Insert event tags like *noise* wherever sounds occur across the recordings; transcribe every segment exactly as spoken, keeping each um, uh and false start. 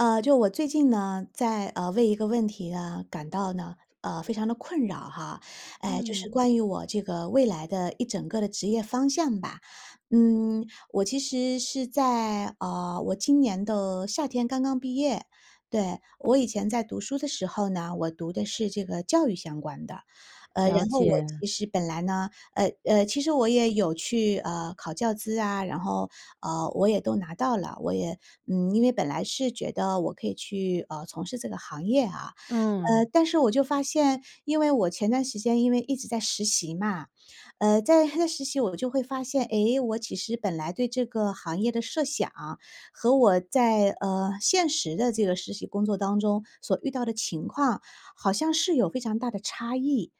呃，就我最近呢，在，呃，为一个问题，嗯，感到呢，呃，非常地困扰，哈。哎。就是嗯。关于我这个未来的一整个的职业方向吧。嗯，我其实是在，呃，我今年的夏天刚刚毕业，对。我以前在读书的时候呢，我读的是这个教育相关的。呃，了然后我解。其实本来呢呃呃，其实我也有去，呃，考教资啊。然后，呃，我也都拿到了。我也，嗯因为本来是觉得我可以去，呃，从事这个行业，啊。呃，嗯。但是我就发现，因为我前段时间，因为一直在实习嘛。呃，在在实习，我就会发现，哎，我其实本来对这个行业的设想，和我在，呃，现实的这个实习工作当中所遇到的情况，好像是有非常大的差异。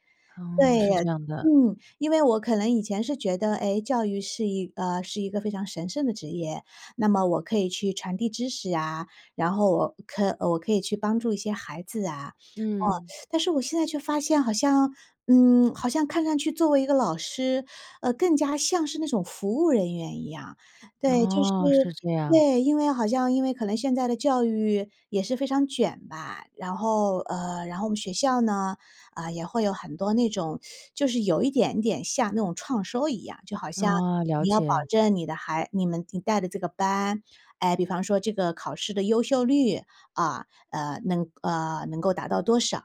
对，哦，是这样的。嗯，因为我可能以前是觉得：“哎，教育是一呃，是一个非常神圣的职业。那么我可以去传递知识，啊，然后我可我可以去帮助一些孩子啊，哦。”嗯。但是我现在却发现好像嗯，好像看上去作为一个老师，呃，更加像是那种服务人员一样。对，就是哦，是这样。对，因为好像因为可能现在的教育，也是非常卷吧。然后呃，然后我们学校呢，呃，也会有很多那种 *sucks teeth* 就是有一点点像那种创收一样，就好像哦，了你要保解。证你的孩你们你带的这个班哎，比方说这个考试的优秀率啊，呃，能呃，能够达到多少。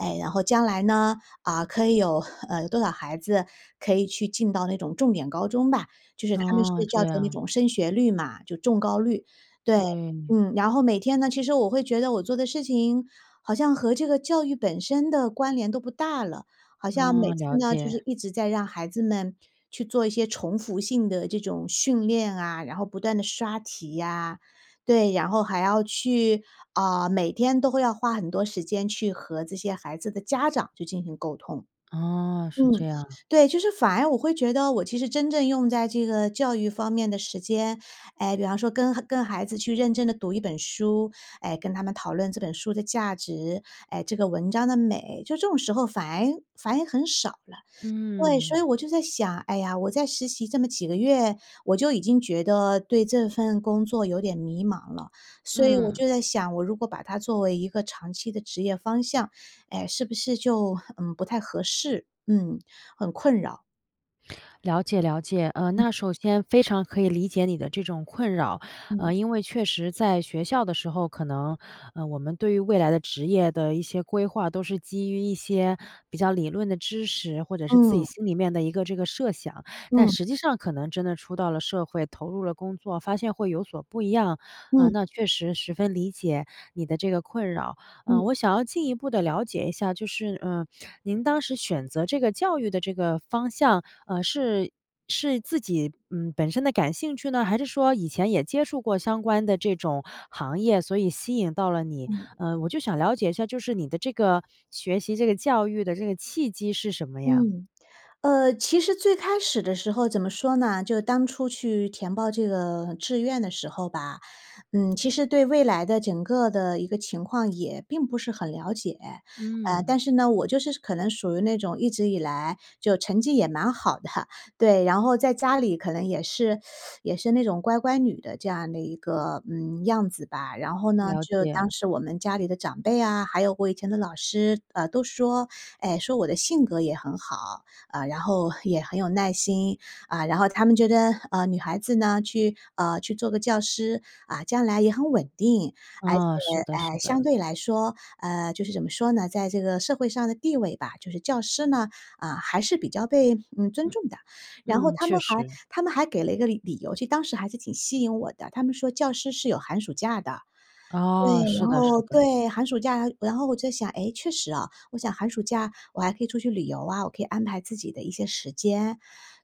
诶，然后将来呢，啊，可以有，呃，多少孩子可以去进到那种重点高中吧。就是他们是哦，叫这作那样。种升学率嘛，就重高率，对，对。嗯。然后每天呢，其实我会觉得我做的事情，好像和这个教育本身的关联都不大了。好像每哦，次了呢，就解。是一直在让孩子们，去做一些重复性的这种训练啊。然后不断地刷题啊，对。然后还要去啊，每天都会要花很多时间，去和这些孩子的家长去进行沟通。哦，是嗯，这样。对，就是反而我会觉得，我其实真正用在这个教育方面的时间诶，比方说跟跟孩子去认真地读一本书，诶，跟他们讨论这本书的价值，诶，这个文章的美。就这种时候反而反而很少了。对，所嗯。以我就在想：“哎呀，我在实习这么几个月，我就已经觉得，对这份工作有点迷茫了。”所以我嗯。就在想：“我如果把它作为一个长期的职业方向，哎，是不是就，嗯，不太合适。”嗯，很困扰。了解了解，呃，嗯。那首先非常可以理解你的这种困扰。嗯。呃，因为确实在学校的时候，可能，嗯，我们对于未来的职业的一些规划都是基于一些比较理论的知识，或者是自己嗯。心里面的一个这个设想。但嗯。实际上可能真的出到了社会，投入了工作，发现会有所不一样。嗯。嗯，那确实十分理解你的这个困扰。嗯，嗯。我想要进一步地了解一下，就是，嗯，您当时选择这个教育的这个方向，嗯，是是自己，嗯，本身的感兴趣呢？还是说以前也接触过相关的这种行业，所以吸引到了你？嗯。嗯，我就想了解一下，就是你的这个学习这个教育的这个契机是什么呀？嗯。呃，其实最开始的时候怎么说呢，就是当初去填报这个志愿的时候吧，嗯，其实对未来的整个的一个情况也并不是很了解。呃，嗯。但是呢，我就是可能属于那种一直以来，就成绩也蛮好的，对，然后在家里可能也是 *sucks teeth* 也是那种乖乖女的这样的一个，嗯，样子吧。然后呢，了就当解。时我们家里的长辈啊，还有我以前的老师，呃，都说，哎，说我的性格也很好，嗯，然后也很有耐心，嗯，然后他们觉得，嗯，女孩子呢去呃，去做个教师，嗯，将来也很稳定。而且，嗯，是的是哎，相的。对来说嗯，就是怎么说呢，在这个社会上的地位吧，就是教师呢，嗯，还是比较被，嗯，尊嗯，重的。然后嗯，他确们还实。他们还给了一个理理由，就当时还是挺吸引我的，他们说教师是有寒暑假的。对，哦，是然的是后的。对，寒暑假。然后我就想，诶，确实啊，我想寒暑假我还可以出去旅游啊，我可以安排自己的一些时间。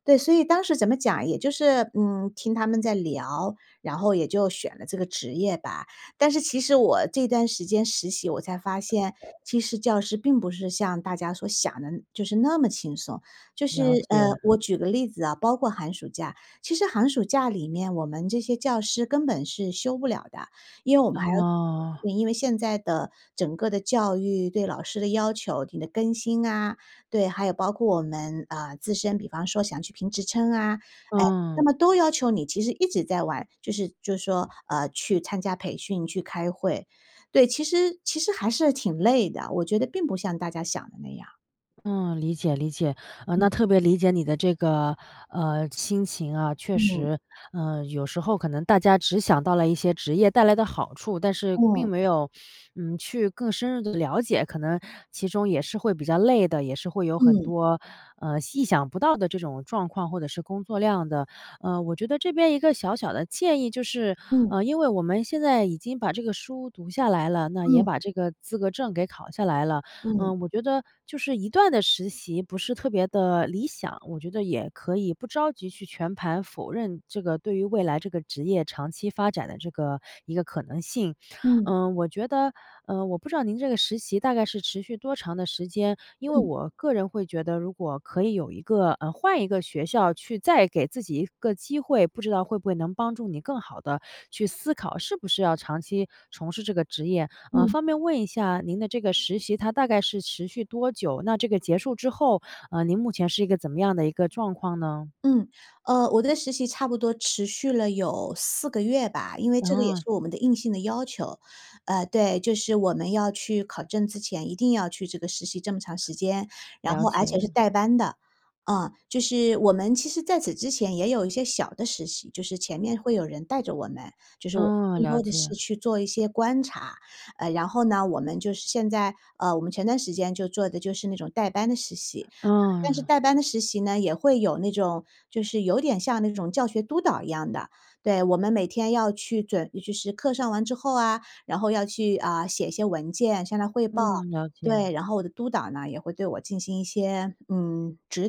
对，所以当时怎么讲，也就是，嗯，听他们在聊，然后也就选了这个职业吧。但是其实我这段时间实习，我才发现，其实教师并不是像大家所想的就是那么轻松。就是，了呃，解。我举个例子啊，包括寒暑假，其实寒暑假里面我们这些教师根本是休不了的。因为我们还要哦。对，因为现在的整个的教育，对老师的要求，你的更新啊，对，还有包括我们，呃，自身比方说想去评职称啊，哎，那嗯。么都要求你其实一直在完就是就是说，呃，去参加培训，去开会。对，其实其实还是挺累的，我觉得并不像大家想的那样。嗯，理解，理解，啊，嗯。那特别理解你的这个，呃，心情啊。确嗯。实，呃，有时候可能大家只想到了一些职业带来的好处，但是并嗯。没有，嗯，去更深入地了解，可能其中也是会比较累的，也是会有很嗯。多，呃，意想不到的这种状况，或者是工作量的。呃，我觉得这边一个小小的建议就是，嗯。呃，因为我们现在已经把这个书读下来了，那也嗯。把这个资格证给考下来了。嗯。呃，我觉得就是一段的实习不是特别的理想，我觉得也可以不着急去全盘否认这个对于未来这个职业长期发展的这个一个可能性。嗯。嗯，我觉得嗯，我不知道您这个实习大概是持续多长的时间，因为嗯。我个人会觉得如果可以有一个呃，换一个学校去再给自己一个机会，不知道会不会能帮助你更好地去思考，是不是要长期从事这个职业。呃，嗯。方便问一下您的这个实习，它大概是持续多久？那这个结束之后，呃，您目前是一个怎么样的一个状况呢？嗯，呃，我的实习差不多持续了有四个月吧，因为这个也是哦。我们的硬性的要求。呃，对，就是我们要去考证之前，一定要去这个实习这么长时间，然了后而且是解。带班的，啊。就是我们其实在此之前也有一些小的实习，就是前面会有人带着我们，就是我们嗯，更了多的是解。去做一些观察。呃，然后呢，我们就是现在呃，我们前段时间就做的就是那种带班的实习，但是啊。带班的实习呢，也会有那种就是有点像那种教学督导一样的。对，我们每天要去准其实课上完之后啊，然后要去，呃，写一些文件，向他汇报。嗯，了对，解。然后我的督导呢，也会对我进行一些，嗯，指导。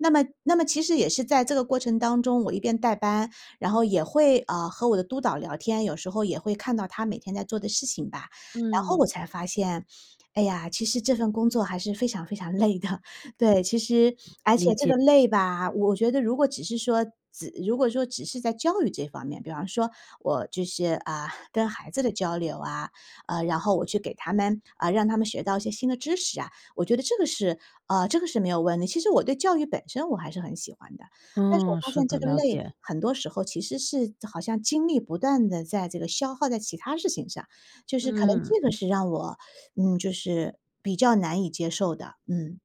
那么那么其实也是在这个过程当中，我一边带班，然后也会，呃，和我的督导聊天，有时候也会看到他每天在做的事情吧。然后嗯。我才发现，哎呀，其实这份工作还是非常非常累的。对，其实而且理这解。个累吧，我觉得如果只是说只如果说只如果说只是在教育这方面，比方说我就是，啊，跟孩子的交流啊，呃，然后我去给他们呃，让他们学到一些新的知识啊，我觉得这个是呃，这个是没有问的，其实我对教育本身我还是很喜欢的。但是我嗯，发是现这的，个了累解。很多时候其实是好像精力不断地在这个消耗在其它事情上，就是可能这个嗯。是让我，嗯，就是比较难以接受的，嗯。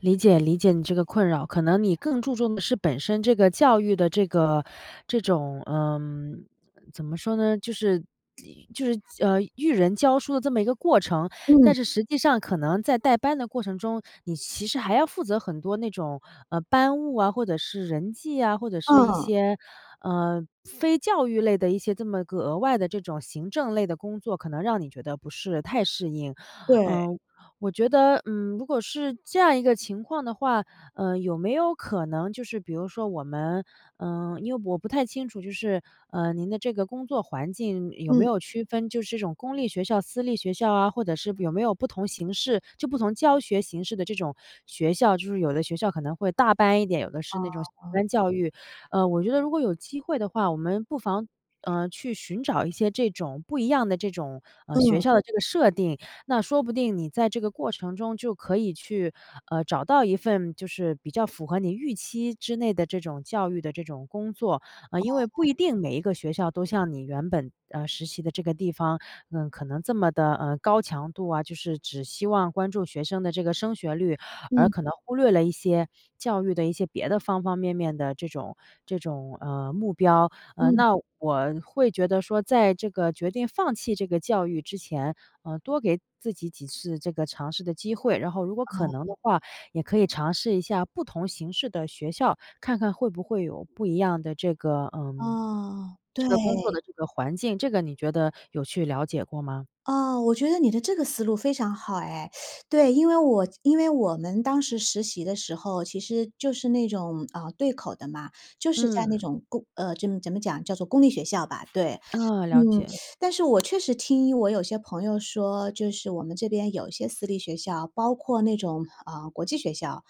理解理解你这个困扰。可能你更注重的是本身这个教育的这个这种嗯，怎么说呢？就是以就是，呃，育人教书的这么一个过程。嗯。但是实际上可能在带班的过程中，你其实还要负责很多那种，呃，班务啊，或者是人际啊，或者是一啊。些，呃，非教育类的一些这么个额外的这种行政类的工作，可能让你觉得不是太适应。对。呃，我觉得，嗯，如果是这样一个情况的话，呃，有没有可能就是，比如说我们呃，因为我不太清楚，就是，呃，您的这个工作环境有没嗯。有区分就是这种公立学校、私立学校啊，或者是有没有不同形式就不同教学形式的这种学校。就是有的学校可能会大班一点，有的是啊那种小啊。班教育。呃，我觉得如果有机会的话，我们不妨，呃，去寻找一些这种不一样的这种，呃，学嗯。校的这个设定，那说不定你在这个过程中就可以去，呃，找到一份就是比较符合你预期之内的这种教育的这种工作。呃，因为不哦。一定每一个学校都像你原本，呃，实习的这个地方，嗯，可能这么地，呃，高强度啊，就是只希望关注学生的这个升学率，而嗯。可能忽略了一些教育的一些别的方方面面的这种这种，呃，目标。呃，嗯。那我会觉得说，在这个决定放弃这个教育之前，呃，多给自己几次这个尝试的机会。然后如果可能哦。的话，也可以尝试一下不同形式的学校，看看会不会有不一样的这个，呃，嗯，这对。个工作的这个环境。这个你觉得有去了解过吗？哦，我觉得你的这个思路非常好哎。*sucks teeth* 对，因为我这因为我们当时实习的时候，其实就是那种，呃，对口的嘛。就是在那嗯。种公呃，怎么怎么讲，叫做公立学校吧，对。嗯，嗯，了解。*sucks teeth* 但是我确实听一我有些朋友说，就是我们这边有一些私立学校，包括那种，呃，国际学校。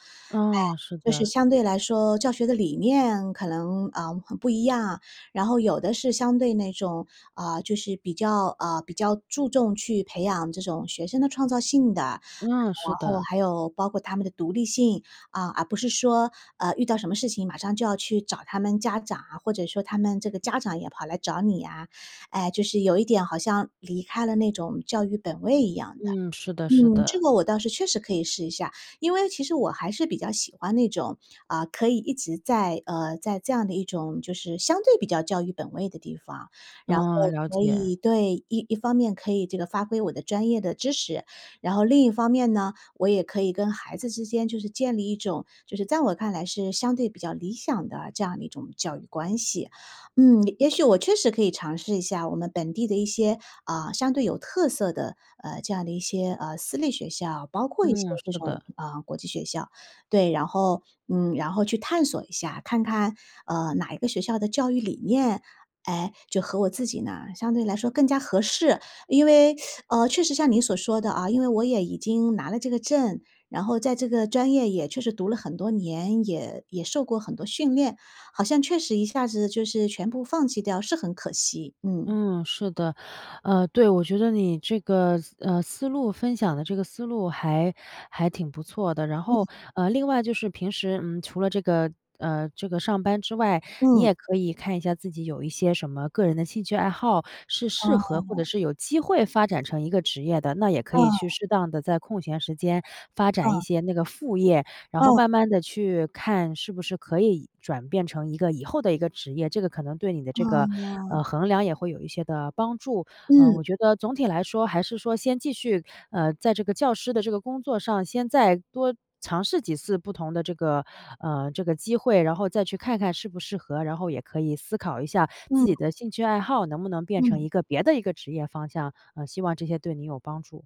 哎，嗯，是就是的。相对来说教学的理念可能，呃，很不一样。然后有的是相对那种，呃，就是比较呃，比较注重去培养这种学生的创造性的，然嗯，是后的。还有包括他们的独立性。啊，而不是说，呃，遇到什么事情马上就要去找他们家长，或者说他们这个家长也跑来找你呀，哎，就是有一点好像离开了那种教育本位一样的。嗯，是的是嗯，这的。个我倒是确实可以试一下，因为其实我还是比较喜欢那种，呃，可以一直在呃，在这样的一种就是相对比较教育本位的地方。然后嗯，了可解。以对，一一方面可以这个发挥我的专业的知识，然后另一方面呢，我也可以跟孩子之间就是建立一种，就是在我看来是相对比较理想的这样的一种教育关系。嗯，也许我确实可以尝试一下我们本地的一些，呃，相对有特色的，呃，这样的一些，呃，私立学校，包括一些嗯，这是种，的。呃，国际学校。对，然后嗯，然后去探索一下，看看，呃，哪一个学校的教育理念，哎，就和我自己呢相对来说更加合适。因为，*sucks teeth* 呃，确实像您所说的啊，因为我也已经拿了这个证，然后在这个专业也确实读了很多年，也也受过很多训练，好像确实一下子就是全部放弃掉是很可惜，嗯。嗯，是的。呃，对，我觉得你这个思呃，思路分享的这个思路还还挺不错的。然嗯。后，呃，另外就是平时，嗯，除了这个呃，这个上班之外，你嗯。也可以看一下自己有一些什么个人的兴趣爱好，是适啊。合或者是有机会发展成一个职业的。那也可啊。以去适当地在空闲时间发展一嗯。些那个副业，然后嗯。慢慢地去看是不是可以转变成一个以后的一个职业。这个可能对你的这个，嗯。呃，衡量也会有一些的帮助。呃，我嗯。觉得总体来说还是说先继续，呃，在这个教师的这个工作上，先再多尝试几次不同的这个呃，这个机会，然后再去看看适不适合，然后也可以思考一下自嗯。己的兴趣爱好能不能变成嗯。一个别的一个职业方向。呃，希望这些对您有帮助。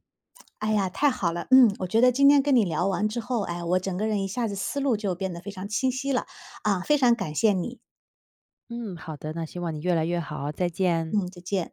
哎呀，太好了。嗯，我觉得今天跟你聊完之后，哎，我整个人一下子思路就变得非常清晰了。啊，非常感谢你。嗯，好的，那希望你越来越好，再见。嗯，再见。